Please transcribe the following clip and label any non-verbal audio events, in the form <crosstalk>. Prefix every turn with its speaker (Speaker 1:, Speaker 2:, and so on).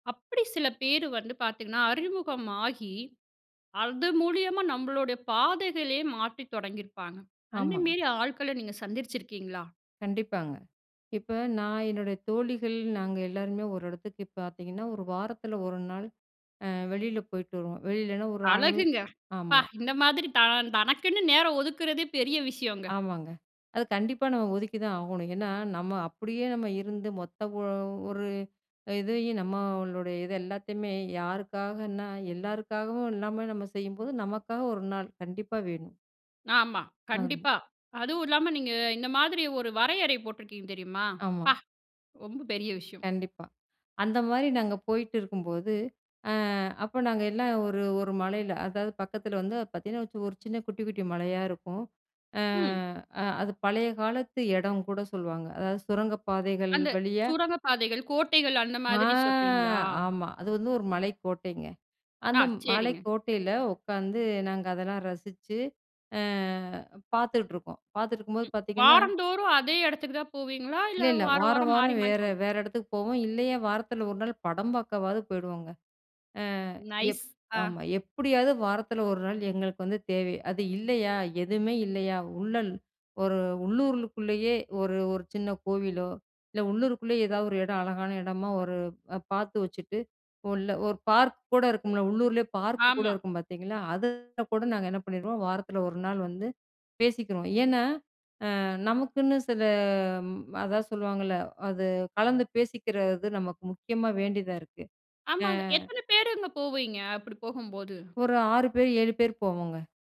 Speaker 1: அப்படி சில பேர் வந்து பார்த்தீங்கனா, அறிமுகமாகி அது மூலியமா நம்மளோட பாதைகளே மாற்றித் தொடங்கியிருப்பாங்க.
Speaker 2: ஆமா.
Speaker 1: அந்தமேரி ஆட்கள நீங்க சந்திச்சிருக்கீங்களா?
Speaker 2: கண்டிப்பாங்க. இப்ப நான் என்னுடைய தோழிகள், நாங்க எல்லோருமே ஒரு இடத்துக்கு பார்த்தீங்கனா, 1 வாரத்தில 1 நாள். அ வெளில போய்ட்டு வருவோம். வெளிலனா ஒரு <unintelligible>
Speaker 1: அழகுங்க! ப்பா!
Speaker 2: ஆமா.
Speaker 1: இந்த மாதிரி தா தனக்குன்னு நேரம் ஒதுக்குறதே பெரிய விஷயோங்க.
Speaker 2: ஆமாங்க. அது கண்டிப்பா நம்ம ஒதுக்கி தான் ஆகணும். ஏன்னா நம்ம அப்படியே நம்ம இருந்து மொத்த ஓ ஒரு இதையும் நம்மளோட இது எல்லாத்தையுமே, யாருக்காகன்னா, எல்லாருக்காகவும் இல்லாம நம்ம செய்யும்போது நமக்காக 1 நாள் கண்டிப்பா வேணும்!
Speaker 1: ஆமா.
Speaker 2: ஆமா.
Speaker 1: கண்டிப்பா அதுவு இல்லாம, நீங்க இந்த மாதிரி ஒரு வரையறை போட்டிருக்கீங்க தெரியுமா?
Speaker 2: ஆமா.
Speaker 1: ப்பா! ரொம்ப பெரிய விஷயம்.
Speaker 2: கண்டிப்பா, அந்த மாரி நாங்க போயிட்டுருக்கும்போது. அ அப்ப நாங்க எல்லாம் ஒரு, 1 மலையில அதாவது பக்கத்தில வந்து பார்த்தீங்கனா வச் ஒரு சின்ன குட்டி குட்டி மலையா இருக்கும். அ
Speaker 1: ம்.
Speaker 2: அது பழைய காலத்து இடம் கூட சொல்வாங்க. அதாவது சுரங்கப் பாதைகள்
Speaker 1: அந்த
Speaker 2: வழியா
Speaker 1: சூரங்கப் பாதைகள், கோட்டைகள் அந்த
Speaker 2: ஆ!
Speaker 1: மாதிரி சொல்றீங்களா?
Speaker 2: ஆமா அது வந்து ஒரு மலைக்கோட்டைங்க,
Speaker 1: அ,
Speaker 2: அந்த
Speaker 1: சரிங்க!
Speaker 2: மலைக்கோட்டைல உட்காந்து, நாங்க அதெல்லாம் ரசிச்சு, அ பார்த்துட்ருக்கோம். பார்த்துட்ருக்கும்போது பார்த்தீங்கனா,
Speaker 1: வாரந்தோறும் அதே இடத்துக்கு தான் போவீங்களா?
Speaker 2: இல்ல
Speaker 1: இல்ல
Speaker 2: இல்ல.
Speaker 1: வாரம்
Speaker 2: வாரம்
Speaker 1: வாரம் மாரி
Speaker 2: வாரம்
Speaker 1: மாரி
Speaker 2: வேற
Speaker 1: போவி.
Speaker 2: வேற இடத்துக்கு போவோம். இல்லையா, வாரத்தில ஒரு நாள் படம் பார்க்கவாவது போயிடுவோங்க! அ எப்
Speaker 1: நைஸ். அ.
Speaker 2: ஆமா, எப்படியாவது வாரத்தில ஒரு நாள் எங்களுக்கு வந்து தேவை. அது இல்லையா, எதுவுமே இல்லையா, உள்ளல். ஒரு உள்ளூருலுக்குள்ளயே ஒரு ஒரு சின்ன கோவிலோ, இல்ல உள்ளூருக்குள்ளேயே ஏதாவது ஒரு இடம். அழகான இடமா ஒரு அ பார்த்து வச்சுட்டு, உள்ள ஒரு பார்க் கூட இருக்கும்ல? உள்ளூரிலயே பார்க் கூட
Speaker 1: ஆமா.
Speaker 2: இருக்கும் பார்த்தீங்களா? அதில கூட நாங்க என்ன பண்ணிருவோம், வாரத்தில ஒரு நாள் வந்து பேசிக்கிறோம். ஏன்னா, அ நமக்குன்னு சில ம அதான் சொல்லுவாங்கள்ல? அது கலந்து பேசிக்கிறது நமக்கு முக்கியமா வேண்டியதா இருக்கு. அ.
Speaker 1: ஆமாங்க. எத்தன பேருங்க போவீங்க? அப்படி போகும்போது.
Speaker 2: ஒரு 6 பேர், 7 பேர் போவோங்க!